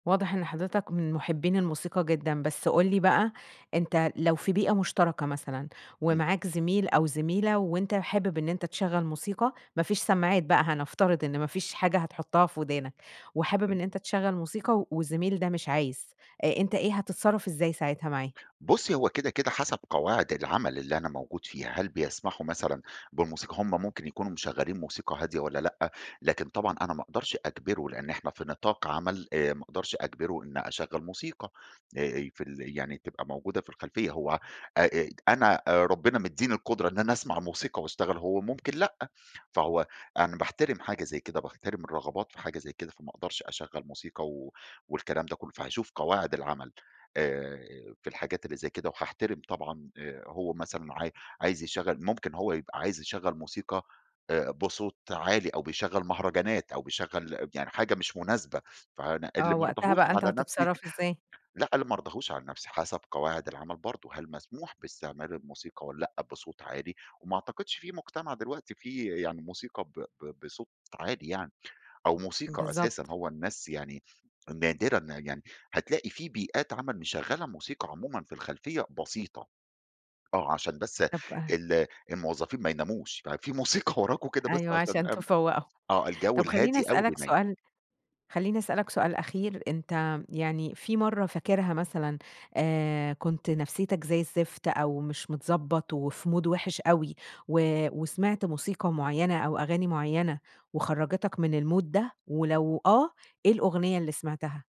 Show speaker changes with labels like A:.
A: واضح إن حضرتك من محبين الموسيقى جدًا. بس قُل لي بقى أنت لو في بيئة مُشتركة مثلًا،
B: امم.
A: ومعاك زميل أو زميلة، وأنت حابب إن أنت تشغل موسيقى، ما فيش سمّاعات بقى هنفترض إن ما فيش حاجة هتحُطها في وِدانك، وحابب
B: [unintelligible]
A: إن أنت تشغل موسيقى، والزميل ده مش عايز، أنت إيه هتتصرف إزاي ساعتها معاه؟
B: بُصي هُو كده، كده حسب قواعد العمل اللي أنا موجود فيه، هل بيسمحوا مثلًا بموسيقى، هم ممكن يكونوا مشغلين موسيقى هادية، والّا لأ. لكن طبعًا أنا ما أقدرش اجبره، لأن إحنا في نطاق عمل آآ ما أقدرش أجبره إن اشغل موسيقى آآ في ال يعني تبقى موجودة في الخلفية هو آآ، أنا ربنا مدّيني القدرة إن أنا اسمع موسيقى واشتغل هو ممكن لأ، فهو أنا باحترم حاجة زي كده، باحترم الرغبات في حاجة زي كده فما أقدرش اشغل موسيقى و والكلام ده كله، فهاشوف قواعد العمل، آآ في الحاجات اللي زي كده، وهاحترم طبعًا آآ هو مثلًا، عا عايز يشغّل ممكن هو يبقى عايز يشغّل موسيقى آآ بصوت عالي، أو بيشغّل مهرجانات أو بيشغّل يعني حاجة مش مناسبة، فأنا اللي
A: آه،
B: ما
A: وقتها
B: أرضاهوش
A: بقى، أنت
B: على نفسي
A: هتتصرف إزاي؟
B: لأ، اللي ما أرضاهوش على نفسي حسب قواعد العمل برضه هل مسموح باستعمال الموسيقى والّا لأ بصوت عالي، وما أعتقدش في مجتمع دلوقتي، فيه يعني موسيقى ب ب بصوت عالي يعني، أو موسيقى أساسًا
A: بالضبط.
B: هو الناس يعني نادرًا يعني، هتلاقي في بيئات عمل مشغّلة موسيقى عمومًا في الخلفية بسيطة آه، عشان بس
A: طب
B: ال الموظفين ما يناموش ففي موسيقى وراكُم كده بس
A: أيوه،
B: عشان
A: عشان
B: م
A: تفَوّقُهم.
B: آه الجو
A: طب خليني
B: الهادي أوي
A: أسألك
B: بينيِّم.
A: سؤال خليني أسألك سؤال أخير، أنت يعني في مرّة فاكرها مثلًا، آآ كنت نفسيتك زي الزفت، أو مش متضبط وفي مود وِحش أوي و وسمعت موسيقى مُعينة أو أغاني معينة، وخرَّجِتك من المود ده، ولو آه، إيه الأغنية اللي سمعتها؟